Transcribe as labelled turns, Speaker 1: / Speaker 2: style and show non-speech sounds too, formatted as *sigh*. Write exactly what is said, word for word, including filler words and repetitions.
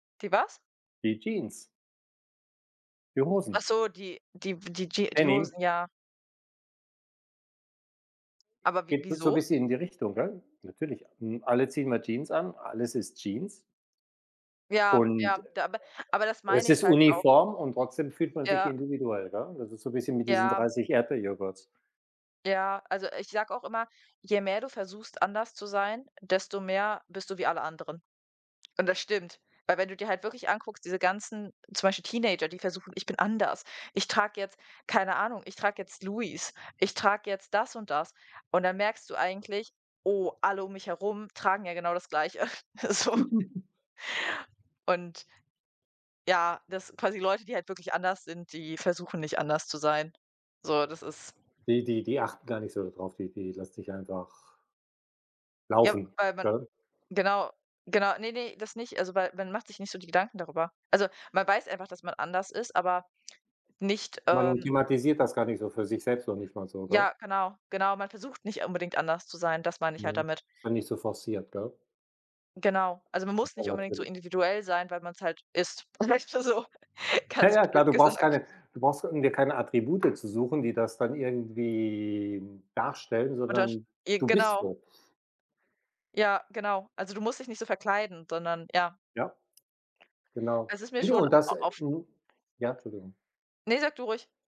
Speaker 1: Die was?
Speaker 2: Die Jeans. Die
Speaker 1: Ach
Speaker 2: Hosen.
Speaker 1: so, die die w die Jea die
Speaker 2: Denim.
Speaker 1: Hosen, ja. Aber wi
Speaker 2: Geht es so
Speaker 1: wieso?
Speaker 2: bisschen in die Richtung, ne? Natürlich, hm, alle ziehen mal Jeans an, alles ist Jeans
Speaker 1: Ja, ja,
Speaker 2: und
Speaker 1: da aber aber das
Speaker 2: es
Speaker 1: meine ich
Speaker 2: ist
Speaker 1: halt auch.
Speaker 2: uniform und trotzdem fühlt man sich
Speaker 1: Ja.
Speaker 2: individuell, ja? Das ist so 'n bisschen mit diesen
Speaker 1: Ja.
Speaker 2: dreißig Erdbeerjoghurts.
Speaker 1: Ja, also ich sage auch immer, je mehr du versuchst, anders zu sein, desto mehr bist du wie alle anderen, und das stimmt, weil wenn du dir halt wirklich anguckst, diese ganzen zum Beispiel Teenager, die versuchen: „Ich bin anders, ich trage jetzt”, keine Ahnung, „ich trage jetzt Louis, ich trage jetzt das und das” und dann merkst du eigentlich: „Oh, alle um mich herum tragen ja genau das Gleiche“, *chuckles* so.
Speaker 2: *chuckles*
Speaker 1: Und ja, dass quasi Leute, die halt wirklich anders sind, die versuchen nicht anders zu sein. So, das ist
Speaker 2: Die die die achten gar nicht so da drauf, die die lassen sich einfach
Speaker 1: Ja,
Speaker 2: laufen,
Speaker 1: weil man
Speaker 2: gell?
Speaker 1: genau, genau ne, ne, das nicht, also, weil man macht sich nicht so die Gedanken darübe also, man weiß einfach, dass man anders ist, aber nicht,
Speaker 2: Man
Speaker 1: ähm
Speaker 2: thematisiert das gar nicht so für sich selbst noch nicht mal so, gell?
Speaker 1: Ja, genau, genau, man versucht nicht unbedingt anders zu sein, das meine ich halt
Speaker 2: Mhm,
Speaker 1: damit.
Speaker 2: ist dann nicht so forciert, gell?
Speaker 1: Genau, also man muss
Speaker 2: Aber,
Speaker 1: nicht unbedingt so
Speaker 2: natürlich.
Speaker 1: individuell sein, weil man's halt ist, vielleicht mal so *chuckles*
Speaker 2: Ja,
Speaker 1: ganz
Speaker 2: ja, klar.
Speaker 1: blöd
Speaker 2: Du brauchst
Speaker 1: gesagt.
Speaker 2: keine du brauchst in dir keine Attribute zu suchen, die das dann irgendwie darstellen,
Speaker 1: Untersch
Speaker 2: sondern
Speaker 1: je
Speaker 2: du bist
Speaker 1: genau.
Speaker 2: so.
Speaker 1: Ja, genau. Also du musst dich nicht so verkleiden, sondern, ja.
Speaker 2: Ja. Genau.
Speaker 1: Es ist mir
Speaker 2: Ne, ne,
Speaker 1: schon
Speaker 2: und das äh,
Speaker 1: oft
Speaker 2: mhm, ja, Entschuldigung.
Speaker 1: Ne, sage du ruhig.